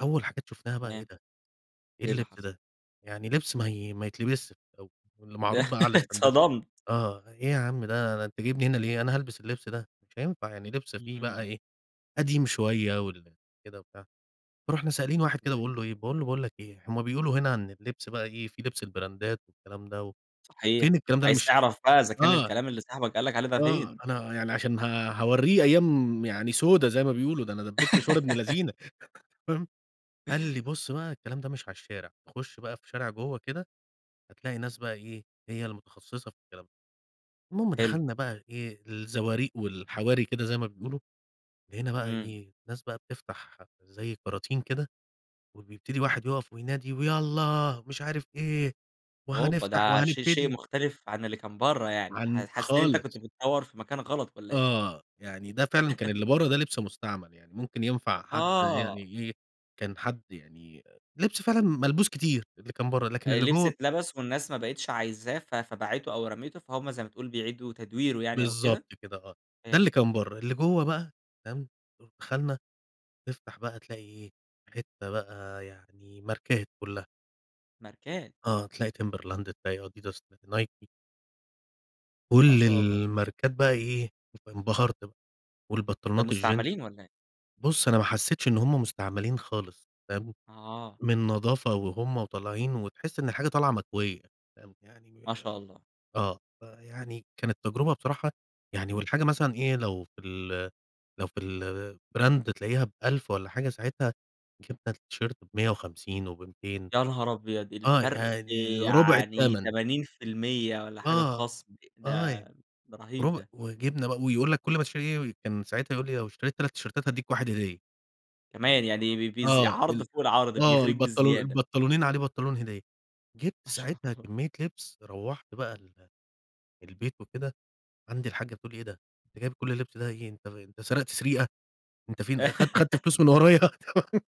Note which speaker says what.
Speaker 1: أول حاجات شُفتها بقى إيه
Speaker 2: تمام،
Speaker 1: ده؟ إيه
Speaker 2: إيه اللي
Speaker 1: اللبس
Speaker 2: حصل؟
Speaker 1: ده؟ يعني لبس ما ي ما يتلبسش [unintelligible] واللي
Speaker 2: ده
Speaker 1: معروض بقى على الاستندات
Speaker 2: اتصدمت.
Speaker 1: آه إيه يا عم ده؟ ده أنت جايبني هنا ليه؟ أنا هالبس اللبس ده؟! مش هينفع يعني لبس فيه بقى
Speaker 2: إمم.
Speaker 1: إيه قديم شوية وال كده وبتاع. رُحنا سائلين واحد كده
Speaker 2: [unintelligible]
Speaker 1: وباقول له إيه؟ باقول له: "باقول لك إيه هُم بيقولوا هنا عن اللبس بقى إيه في لبس البرندات والكلام ده فين
Speaker 2: صحيح،
Speaker 1: الكلام ده؟ أنا
Speaker 2: عايز
Speaker 1: مش"
Speaker 2: تعرف بقى إذا كان
Speaker 1: آه.
Speaker 2: الكلام اللي صاحبك قال لَك عليه ده
Speaker 1: آه،
Speaker 2: فين؟
Speaker 1: أنا يعني عشان ه هاورّيه أيام يعني سودا زي ما بيقولوا، ده أنا دبّيت مشوار ابن لذينة فاهم؟ قال لي: "بُص بقى الكلام ده مش على الشارع تخُش بقى في شارع جوة كده هتلاقي ناس بقى إيه هي المتخصصة في الكلام ده." المهم
Speaker 2: حلو.
Speaker 1: دخلنا بقى إيه؟ الزواريق والحواري كده زي ما بيقولوا، لقينا بقى
Speaker 2: إمم.
Speaker 1: إيه؟ ناس بقى بتفتح زي كراتين كده وبيبتدي واحد يُقَف وينادي: "ويالّا مش عارف إيه
Speaker 2: أوبا!
Speaker 1: وهنفتح
Speaker 2: ده شي شيء
Speaker 1: وهنبتدي."
Speaker 2: مختلف عن اللي كان بره يعني ح
Speaker 1: عن
Speaker 2: حسيت أنت كنت
Speaker 1: خالص.
Speaker 2: بتدوّر في مكان غلط والّا إيه؟
Speaker 1: آه يعني ده فعلًا كان اللي بره ده لبس مستعمل يعني، ممكن ينفع حد
Speaker 2: آه.
Speaker 1: يعني إيه؟ كان حد يعني لبس فعلًا ملبوس كتير اللي كان بره لكن
Speaker 2: آآ
Speaker 1: اللي
Speaker 2: لبس
Speaker 1: جوه
Speaker 2: اتلبس والناس ما بقتش عايزاه ف فباعِته أو رَمِيته فهُم زي ما تقول بيعيدوا تدويره يعني أو
Speaker 1: بالضبط
Speaker 2: كده؟
Speaker 1: كده آه، ده اللي
Speaker 2: فهمتَ
Speaker 1: كان
Speaker 2: أوكي.
Speaker 1: بره، اللي جوه بقى تمام؟ دخلنا تفتح بقى تلاقي إيه؟ حتة بقى يعني ماركات كلها.
Speaker 2: ماركات!
Speaker 1: آه تلاقي Timberland، تلاقي Adidas، ت Nike.
Speaker 2: ما
Speaker 1: كل
Speaker 2: شاء الله!
Speaker 1: الماركات بقى إيه انبَهرت ب
Speaker 2: ده
Speaker 1: والبنطلونات الجينز.
Speaker 2: مستعملين والّا إيه؟
Speaker 1: بُص أنا ما حسّيتش إن هُم مستعملين خالص فاهم؟
Speaker 2: آه.
Speaker 1: من نضافة وهُم وطالعين وتحس إن الحاجة طالعة مكوية فاهم؟ يعني
Speaker 2: ما شاء الله!
Speaker 1: آه، فيعني كانت تجربة بصراحة يعني والحاجة مثلًا إيه لو في ال لو في الbrand تلاقيها ب1000 والّا حاجة، ساعتها جبنا التيشرت ب150 وب200
Speaker 2: يا نهار أبيض!
Speaker 1: آه
Speaker 2: الفرق
Speaker 1: يعني رُبع
Speaker 2: يعني
Speaker 1: التَمَن.
Speaker 2: 80% والّا حاجة
Speaker 1: آه،
Speaker 2: خصم
Speaker 1: آه
Speaker 2: ده
Speaker 1: ي
Speaker 2: رهيب
Speaker 1: رب
Speaker 2: ده.
Speaker 1: وجِبنا ب ويقول لك كل ما تشتري إيه كان ساعتها يقول لي:" لو اشتريت 3 تيشيرتات هادّيك 1 هدية." فاهم؟
Speaker 2: كمان يعني ب بيز
Speaker 1: آه
Speaker 2: عرض
Speaker 1: ال
Speaker 2: فوق العرض
Speaker 1: آه
Speaker 2: بيغريك
Speaker 1: البنطلو
Speaker 2: بزيادة.
Speaker 1: البنطلونين عليه بنطلون هدية. جِبت
Speaker 2: ما شاء
Speaker 1: ساعتها
Speaker 2: الله!
Speaker 1: كمّية لبس روّحت بقى ال البيت وكده عندي الحاجّة تقول لي إيه ده؟ أنت جايب كل اللبس ده إيه؟ أنت أنت سرقت سريقة؟! أنت فين أخ خَدت فلوس من ورايا؟!